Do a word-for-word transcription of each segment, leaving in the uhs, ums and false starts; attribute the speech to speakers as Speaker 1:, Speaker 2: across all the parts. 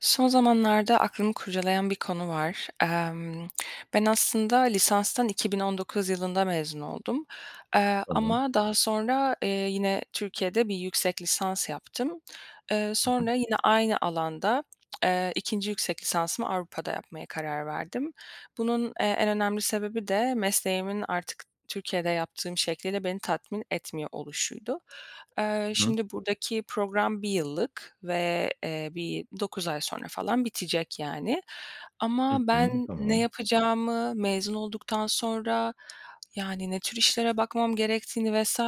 Speaker 1: Son zamanlarda aklımı kurcalayan bir konu var. Emm, ben aslında lisanstan iki bin on dokuz yılında mezun oldum. Eee,
Speaker 2: Tamam.
Speaker 1: ama daha sonra, eee, yine Türkiye'de bir yüksek lisans yaptım. Eee,
Speaker 2: Hı hı.
Speaker 1: sonra yine aynı alanda, eee, ikinci yüksek lisansımı Avrupa'da yapmaya karar verdim. Bunun, eee, en önemli sebebi de mesleğimin artık Türkiye'de yaptığım şekliyle beni tatmin etmiyor oluşuydu. Eee,
Speaker 2: Hı hı.
Speaker 1: şimdi burdaki program bir yıllık ve, eee, bir dokuz ay sonra falan bitecek, yani. Ama
Speaker 2: Hı hı,
Speaker 1: ben ne
Speaker 2: tamam.
Speaker 1: yapacağımı, mezun olduktan sonra yani ne tür işlere bakmam gerektiğini vs.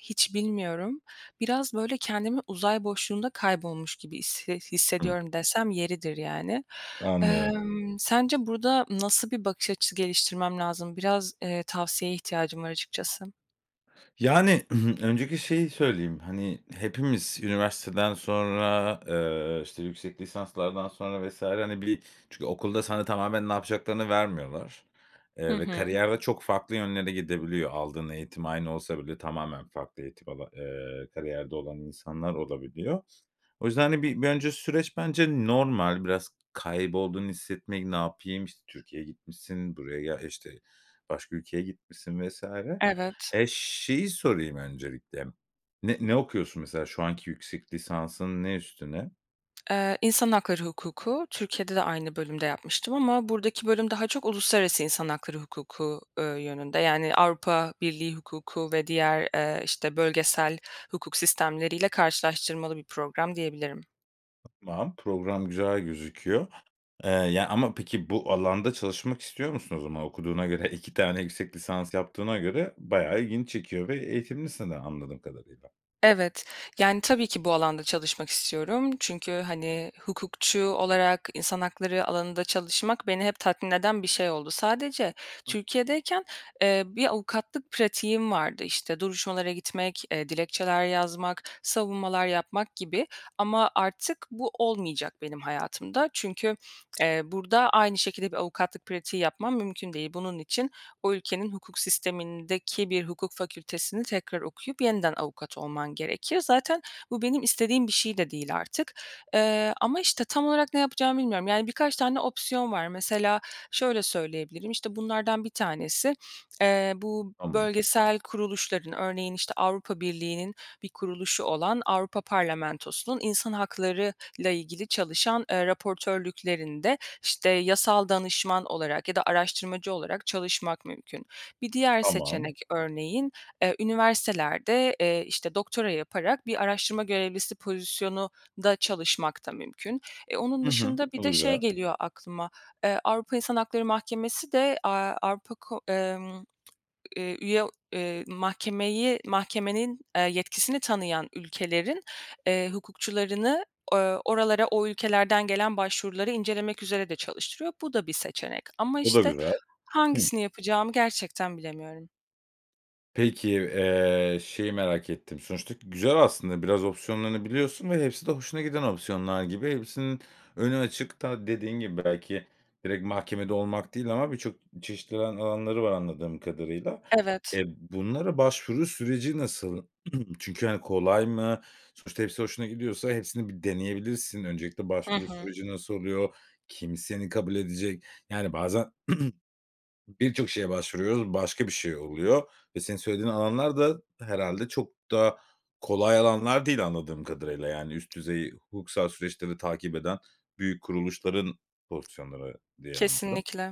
Speaker 1: hiç bilmiyorum. Biraz, böyle, "kendimi uzay boşluğunda kaybolmuş gibi hisse
Speaker 2: Hı.
Speaker 1: hissediyorum.” dersem yeridir yani.
Speaker 2: Anlıyorum.
Speaker 1: Emm, sence burda nasıl bir bakış açısı geliştirmem lazım? Biraz, eee, tavsiyeye ihtiyacım var açıkçası.
Speaker 2: Yani, öncelikle şeyi söyleyeyim. Hani, hepimiz üniversiteden sonra, eee, işte yüksek lisanslardan sonra vs. hani, bili çünkü okulda sana tamamen ne yapacaklarını vermiyorlar,
Speaker 1: Hı
Speaker 2: eee, ve
Speaker 1: hı.
Speaker 2: kariyer ve çok farklı yönlere gidebiliyor. Aldığın eğitim aynı olsa bile tamamen farklı eğitim ala eee, kariyerde olan insanlar olabiliyor. O yüzden hani, bir önce süreç bence normal. Biraz kaybolduğunu hissetmek, ne yapayım? İşte, Türkiye'ye gitmişsin, buraya gel işte, başka ülkeye gitmişsin vs.
Speaker 1: Evet.
Speaker 2: E, şeyi sorayım öncelikle, ne ne okuyorsun mesela? Şu anki yüksek lisansın ne üstüne?
Speaker 1: Eee, İnsan Hakları Hukuku. Türkiye'de de aynı bölümde yapmıştım ama buradaki bölüm daha çok Uluslararası İnsan Hakları Hukuku, eee, yönünde. Yani Avrupa Birliği Hukuku ve diğer, eee, işte, bölgesel hukuk sistemleriyle karşılaştırmalı bir program diyebilirim.
Speaker 2: Tamam, program güzel gözüküyor, eee, yani, ama peki, bu alanda çalışmak istiyor musun? O zaman okuduğuna göre, iki tane yüksek lisans yaptığına göre bayağı ilgini çekiyor ve eğitimlisin de anladığım kadarıyla.
Speaker 1: Evet. Yani, tabii ki bu alanda çalışmak istiyorum. Çünkü, hani, hukukçu olarak insan hakları alanında çalışmak beni hep tatmin eden bir şey oldu. Sadece Türkiye'deyken, eee, bir avukatlık pratiğim vardı. İşte, duruşmalara gitmek, eee, dilekçeler yazmak, savunmalar yapmak gibi ama artık bu olmayacak benim hayatımda. Çünkü, eee, burada aynı şekilde bir avukatlık pratiği yapmam mümkün değil. Bunun için o ülkenin hukuk sistemindeki bir hukuk fakültesini tekrar okuyup yeniden avukat olman gerekiyor. Zaten bu benim istediğim bir şey de değil artık, eee, ama, işte, tam olarak ne yapacağımı bilmiyorum. Yani, birkaç tane opsiyon var. Mesela şöyle söyleyebilirim: İşte, bunlardan bir tanesi, eee, bu
Speaker 2: Tamam.
Speaker 1: bölgesel kuruluşların örneğin, işte, Avrupa Birliği'nin bir kuruluşu olan Avrupa Parlamentosu'nun insan hakları ile ilgili çalışan, eee, raportörlüklerinde, işte, yasal danışman olarak ya da araştırmacı olarak çalışmak mümkün. Bir diğer
Speaker 2: Tamam.
Speaker 1: seçenek örneğin, eee, üniversitelerde, eee, işte, doktora yaparak bir araştırma görevlisi pozisyonunda çalışmak da mümkün. Eee, onun
Speaker 2: Hı hı.
Speaker 1: dışında bir
Speaker 2: O da
Speaker 1: de şey
Speaker 2: güzel.
Speaker 1: geliyor aklıma. Eee, Avrupa İnsan Hakları Mahkemesi de, aaa, Avrupa, ko emm, eee, üye, eee, mahkemeyi mahkemenin, eee, yetkisini tanıyan ülkelerin, eee, hukukçularını, ooo, oralara o ülkelerden gelen başvuruları incelemek üzere de çalıştırıyor. Bu da bir seçenek ama,
Speaker 2: O da
Speaker 1: işte,
Speaker 2: güzel. Hıı.
Speaker 1: hangisini yapacağımı gerçekten bilemiyorum.
Speaker 2: Peki, eee, şeyi merak ettim, sonuçta güzel aslında biraz opsiyonlarını biliyorsun ve hepsi de hoşuna giden opsiyonlar gibi. Hepsinin önü açık da dediğin gibi belki direkt mahkemede olmak değil ama birçok çeşitli alan alanları var anladığım kadarıyla.
Speaker 1: Evet.
Speaker 2: E, bunlara başvuru süreci nasıl? Çünkü hani kolay mı? Sonuçta hepsi hoşuna gidiyorsa hepsini bir deneyebilirsin. Öncelikle
Speaker 1: Hı
Speaker 2: başvuru
Speaker 1: hı.
Speaker 2: süreci nasıl oluyor? Kim seni kabul edecek? Yani bazen birçok şeye başvuruyoruz, başka bir şey oluyor ve senin söylediğin alanlar da herhalde çok da kolay alanlar değil anladığım kadarıyla. Yani üst düzey hukuksal süreçleri takip eden büyük kuruluşların pozisyonları diye anladım.
Speaker 1: Kesinlikle.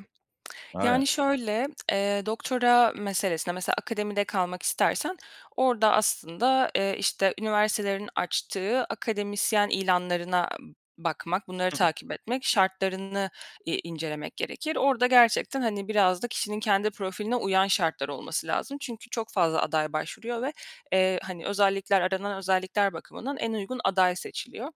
Speaker 1: Yani
Speaker 2: Aynen.
Speaker 1: şöyle, eee, doktora meselesine, mesela, akademide kalmak istersen orda, aslında, eee, işte, üniversitelerin açtığı akademisyen ilanlarına b bakmak, bunları
Speaker 2: Hı.
Speaker 1: takip etmek, şartlarını i incelemek gerekir. Orada gerçekten, hani biraz da kişinin kendi profiline uyan şartlar olması lazım. Çünkü çok fazla aday başvuruyor ve, eee, hani özellikler aranan özellikler bakımından en uygun aday seçiliyor.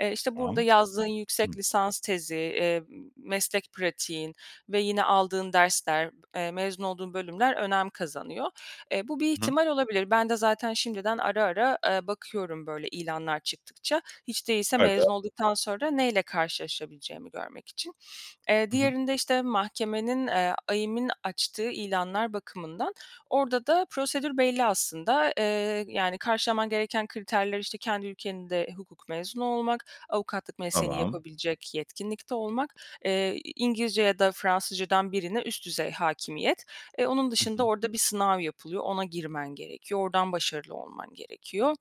Speaker 1: Eee, işte burada
Speaker 2: Tamam.
Speaker 1: yazdığın yüksek
Speaker 2: Hı.
Speaker 1: lisans tezi, emm, meslek pratiğin ve yine aldığın dersler, eee, mezun olduğun bölümler önem kazanıyor. E, bu bir
Speaker 2: Hı hı.
Speaker 1: ihtimal olabilir. Ben de zaten şimdiden ara ara, aaa, bakıyorum böyle ilanlar çıktıkça. Hiç değilse mezun
Speaker 2: [unintelligible]
Speaker 1: olduktan sonra neyle karşılaşabileceğimi görmek için. Eee,
Speaker 2: Hı hı.
Speaker 1: diğerinde, işte, mahkemenin, eee, AİM'in açtığı ilanlar bakımından orda da prosedür belli aslında. Eee, yani karşılaman gereken kriterler, işte, kendi ülkenin de hukuk mezunu olmak, avukatlık mesleğini
Speaker 2: Tamam.
Speaker 1: yapabilecek yetkinlikte olmak, eee, i İngilizce ya da Fransızca'dan birine üst düzey hâkimiyet. Eee, onun
Speaker 2: Hı
Speaker 1: dışında
Speaker 2: hı.
Speaker 1: orada bir sınav yapılıyor, ona girmen gerekiyor, ordan başarılı olman gerekiyor.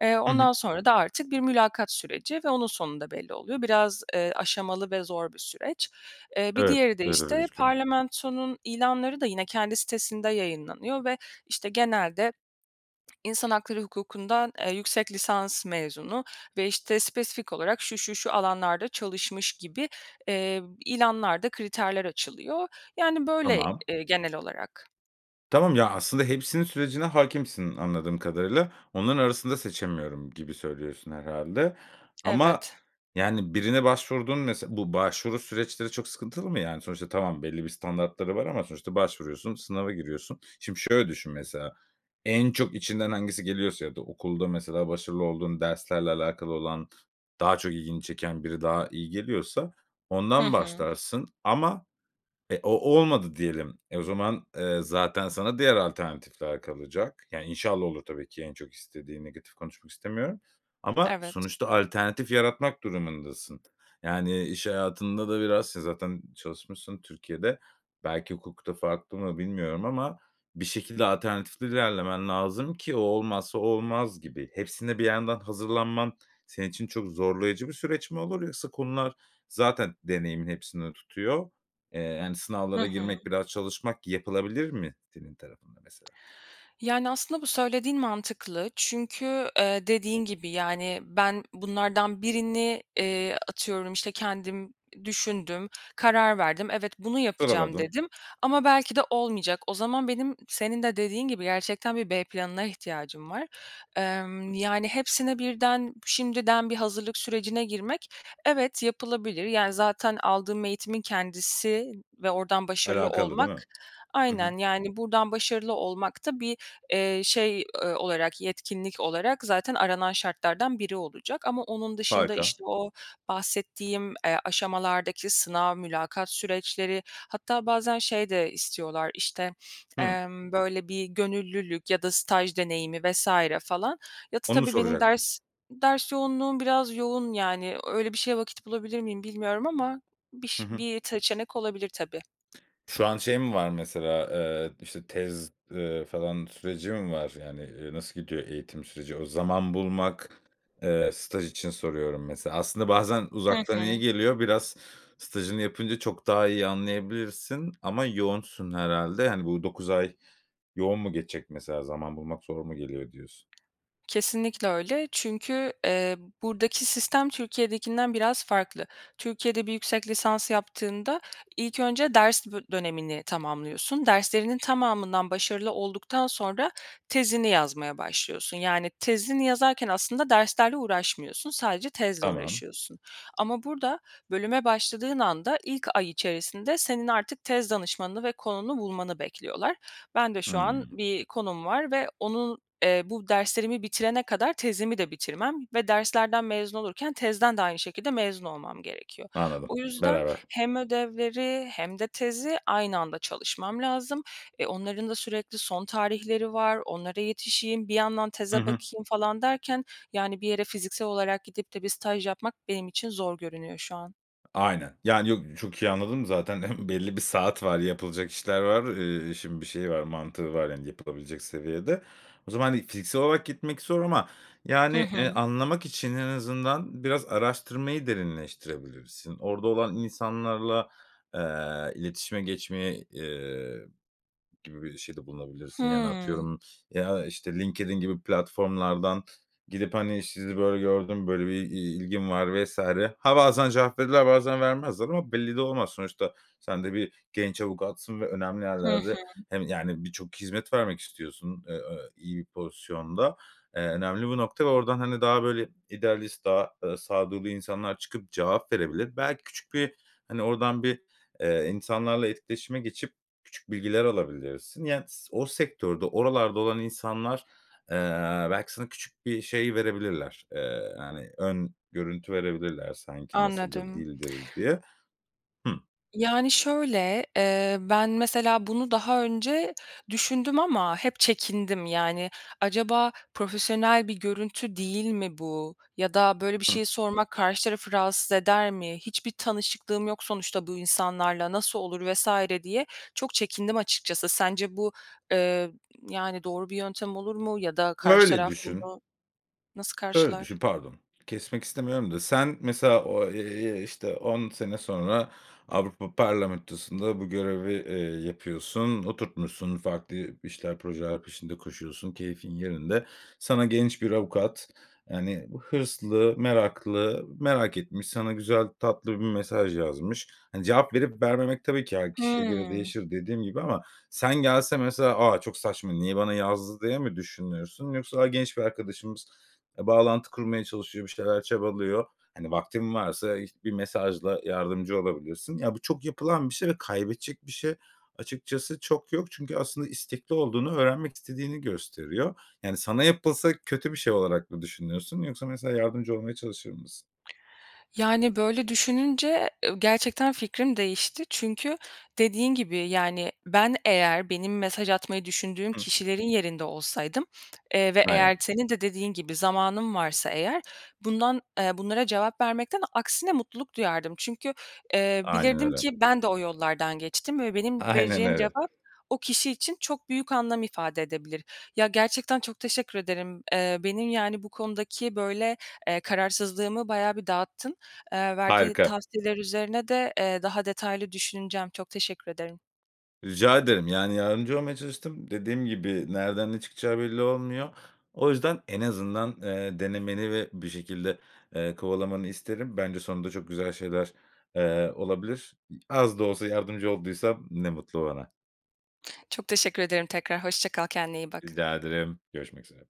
Speaker 1: Eee,
Speaker 2: Hı hı.
Speaker 1: ondan sonra da artık bir mülakat süreci ve onun sonunda belli oluyor. Biraz, eee, aşamalı ve zor bir süreç. Eee, bir
Speaker 2: Evet,
Speaker 1: diğeri de,
Speaker 2: evet öyle
Speaker 1: işte,
Speaker 2: gözüküyor.
Speaker 1: parlamentonun ilanları da yine kendi sitesinde yayınlanıyor ve, işte, genelde insan hakları hukukundan, eee, yüksek lisans mezunu ve işte spesifik olarak şu şu şu alanlarda çalışmış gibi, eee, ilanlar da kriterler açılıyor. Yani böyle,
Speaker 2: Tamam.
Speaker 1: eee, genel olarak.
Speaker 2: Tamam ya, aslında hepsinin sürecine hâkimsin anladığım kadarıyla, “Onların arasında seçemiyorum.“ gibi söylüyorsun herhâlde. Ama,
Speaker 1: Evet.
Speaker 2: yani birine başvurduğun mes bu başvuru süreçleri çok sıkıntılı mı? Yani sonuçta tamam, belli bir standartları var ama sonuçta başvuruyorsun, sınava giriyorsun. Şimdi şöyle düşün mesela, en çok içinden hangisi geliyorsa ya da okulda mesela başarılı olduğun derslerle alakalı olan, daha çok ilgini çeken biri daha iyi geliyorsa
Speaker 1: Hı
Speaker 2: ondan
Speaker 1: hı.
Speaker 2: başlarsın. Ama e, o olmadı diyelim. E, o zaman, eee, zaten sana diğer alternatifler kalacak. Yani inşallah olur tabii ki, en çok istediğin, negatif konuşmak istemiyorum ama
Speaker 1: Evet.
Speaker 2: sonuçta alternatif yaratmak durumundasın. Yani iş hayatında da biraz si zaten çalışmışsın Türkiye'de. Belki hukukta farklı mı bilmiyorum ama bir şekilde alternatifli ilerlemen lazım ki o olmazsa, o olmaz gibi. Hepsine bir yandan hazırlanman senin için çok zorlayıcı bir süreç mi olur, yoksa konular zaten deneyimin hepsini tutuyor. Eee, hani
Speaker 1: Hı
Speaker 2: sınavlara
Speaker 1: hı.
Speaker 2: girmek, biraz çalışmak yapılabilir mi senin tarafında mesela?
Speaker 1: Yani, aslında, bu söylediğin mantıklı. Çünkü, eee, dediğin gibi, yani, ben bunlardan birini, eee, atıyorum, işte, kendim düşündüm, karar verdim. “Evet, bunu yapacağım.”
Speaker 2: Sıraladın.
Speaker 1: dedim. Ama belki de olmayacak. O zaman benim, senin de dediğin gibi gerçekten bir B planına ihtiyacım var. Emm, yani, hepsine birden, b şimdiden bir hazırlık sürecine girmek, evet, yapılabilir. Yani, zaten aldığım eğitimin kendisi ve oradan başarılı
Speaker 2: Alakalı, değil
Speaker 1: olmak.
Speaker 2: mi? Hı hı.
Speaker 1: Aynen yani, buradan başarılı olmak da bir, eee, şey, eee, olarak, yetkinlik olarak zaten aranan şartlardan biri olacak. Ama onun dışında,
Speaker 2: Harika.
Speaker 1: işte, o bahsettiğim, eee, aşamalardaki sınav, mülakat süreçleri hatta bazen şey de istiyorlar, işte,
Speaker 2: Hımm.
Speaker 1: emm, böyle, bir gönüllülük ya da staj deneyimi vs. falan. Ya da tı
Speaker 2: Onu
Speaker 1: tabii benim
Speaker 2: soracaktım.
Speaker 1: ders ders yoğunluğum biraz yoğun yani. Öyle bir şeye vakit bulabilir miyim bilmiyorum ama
Speaker 2: Hı
Speaker 1: biş
Speaker 2: hı.
Speaker 1: bir seçenek olabilir tabii.
Speaker 2: Şu an şey mi var mesela, eee, işte tez, eee, falan süreci mi var? Yani, eee, nasıl gidiyor eğitim süreci? O, zaman bulmak, eee, staj için soruyorum mesela. Aslında bazen
Speaker 1: Hı
Speaker 2: uzaktan iyi
Speaker 1: hı.
Speaker 2: geliyor. Biraz stajını yapınca çok daha iyi anlayabilirsin ama yoğunsun herhâlde. Hani, bu dokuz ay yoğun mu geçecek mesela? Zaman bulmak zor mu geliyor diyorsun?
Speaker 1: Kesinlikle öyle. Çünkü, eee, buradaki sistem Türkiye'dekinden biraz farklı. Türkiye'de bir yüksek lisans yaptığında, ilk önce ders bö dönemini tamamlıyorsun. Derslerinin tamamından başarılı olduktan sonra tezini yazmaya başlıyorsun. Yani, tezini yazarken aslında derslerle uğraşmıyorsun. Sadece tezle
Speaker 2: Tamam.
Speaker 1: uğraşıyorsun. Ama burada, bölüme başladığın anda ilk ay içerisinde senin artık tez danışmanını ve konunu bulmanı bekliyorlar. Ben de şu an
Speaker 2: Hımm.
Speaker 1: bir konum var ve onun, eee, bu derslerimi bitirene kadar tezimi de bitirmem ve derslerden mezun olurken tezden de aynı şekilde mezun olmam gerekiyor.
Speaker 2: Anladım,
Speaker 1: O yüzden
Speaker 2: beraber.
Speaker 1: hem ödevleri hem de tezi aynı anda çalışmam lazım. E, onların da sürekli son tarihleri var, onlara yetişeyim, bir yandan
Speaker 2: Hı
Speaker 1: teze
Speaker 2: hı.
Speaker 1: bakayım falan derken, yani bir yere fiziksel olarak gidip de bir staj yapmak benim için zor görünüyor şu an.
Speaker 2: Aynen, yani yok, çok iyi anladım zaten belli bir saat var, yapılacak işler var. Eee, işin bir şeyi var. Mantığı var, yani, yapılabilecek seviyede. O zaman hani fiziksel olarak gitmek zor ama
Speaker 1: Hı
Speaker 2: yani, eee,
Speaker 1: hı.
Speaker 2: anlamak için en azından biraz araştırmayı derinleştirebilirsin. Orada olan insanlarla, eee, iletişime geçmeye, eee, gibi bir şeyde bulunabilirsin. Yani,
Speaker 1: Hımm.
Speaker 2: atıyorum, ya, işte, LinkedIn gibi platformlardan gidip, hani, “Sizi böyle gördüm, böyle bir i ilgim var, vs.“ Ha bazen cevap verirler, bazen vermezler ama belli de olmaz. Sonuçta sen de bir genç avukatsın ve önemli
Speaker 1: Hı
Speaker 2: yerlerde
Speaker 1: hı.
Speaker 2: hem yani birçok hizmet vermek istiyorsun, eee, ö iyi bir pozisyonda. Eee, önemli bu nokta ve oradan, hani, daha, böyle, idealist, daha, ııı, sağduyulu insanlar çıkıp cevap verebilir. Belki küçük bir, hani, oradan bir, eee, insanlarla etkileşime geçip küçük bilgiler alabilirsin. Yani, s o sektörde, oralarda olan insanlar, eee, belki sana bir şey verebilirler. Eee, yani ön görüntü verebilirler sanki nasıldır,
Speaker 1: Anladım.
Speaker 2: değildir diye. Hımm.
Speaker 1: Yani, şöyle, eee, ben mesela bunu daha önce düşündüm ama hep çekindim. Yani, acaba profesyonel bir görüntü değil mi bu ya da böyle bir
Speaker 2: I hı.
Speaker 1: şeyi sormak karşı tarafı rahatsız eder mi? Hiçbir tanışıklığım yok sonuçta bu insanlarla. Nasıl olur vs. diye çok çekindim açıkçası. Sence bu, eee, yani, doğru bir yöntem olur mu ya da
Speaker 2: M
Speaker 1: karşı
Speaker 2: öyle
Speaker 1: taraf
Speaker 2: düşün
Speaker 1: bunu nasıl
Speaker 2: şöyle düşün.
Speaker 1: karşılar?
Speaker 2: Pardon kesmek istemiyorum da, sen mesela o, eee, işte, on sene sonra Avrupa Parlamentosu’nda bu görevi, eee, yapıyorsun, oturtmuşsun, farklı bir işler, projeler peşinde koşuyorsun, keyfin yerinde. Sana genç bir avukat, yani, bu hırslı, meraklı, merak etmiş, sana güzel, tatlı bir mesaj yazmış. Hani, cevap verip vermemek tabii ki her kişiye göre
Speaker 1: Hımm.
Speaker 2: değişir, dediğim gibi. Ama sen gelse mesela, “A, çok saçma, niye bana yazdı?” diye mi düşünürsün yoksa, "A, genç bir arkadaşımız, eee, bağlantı kurmaya çalışıyor, bir şeyler çabalıyor." Hani, vaktin varsa, işt bir mesajla yardımcı olabilirsin. Ya, bu çok yapılan bir şey ve kaybedecek bir şey açıkçası çok yok. Çünkü aslında istekli olduğunu, öğrenmek istediğini gösteriyor. Yani, sana yapılsa kötü bir şey olarak mı düşünürsün yoksa mesela yardımcı olmaya çalışır mısın?
Speaker 1: Yani, böyle düşününce, eee, ö gerçekten fikrim değişti. Çünkü dediğin gibi, yani, ben eğer benim mesaj atmayı düşündüğüm
Speaker 2: Hımm.
Speaker 1: kişilerin yerinde olsaydım, eee, ve
Speaker 2: M aynen.
Speaker 1: eğer t senin de dediğin gibi zamanım varsa eğer bundan eee, bunlara cevap vermekten aksine mutluluk duyardım. Çünkü, eee,
Speaker 2: Aynen
Speaker 1: bilirdim
Speaker 2: öyle.
Speaker 1: ki ben de o yollardan geçtim ve benim
Speaker 2: Aynen
Speaker 1: vereceğim
Speaker 2: öyle.
Speaker 1: cevap o kişi için çok büyük anlam ifade edebilir. Ya, gerçekten çok teşekkür ederim. Eee, benim, yani, bu konudaki, böyle, eee, kararsızlığımı bayağı bir dağıttın. Eee, verdiğin
Speaker 2: Harika!
Speaker 1: tavsiyeler üzerine de, eee, daha detaylı düşüneceğim. Çok teşekkür ederim.
Speaker 2: Rica ederim, yani, yardımcı olmaya çalıştım. Dediğim gibi nereden ne çıkacağı belli olmuyor. O yüzden en azından, eee, denemeni ve bir şekilde, eee, kovalamanı isterim. Bence sonunda çok güzel şeyler, eee, olabilir. İ az da olsa yardımcı olduysam ne mutlu bana.
Speaker 1: Çok teşekkür ederim tekrar. Hoşça kal, kendine iyi bak.
Speaker 2: Rica ederim, görüşmek üzere.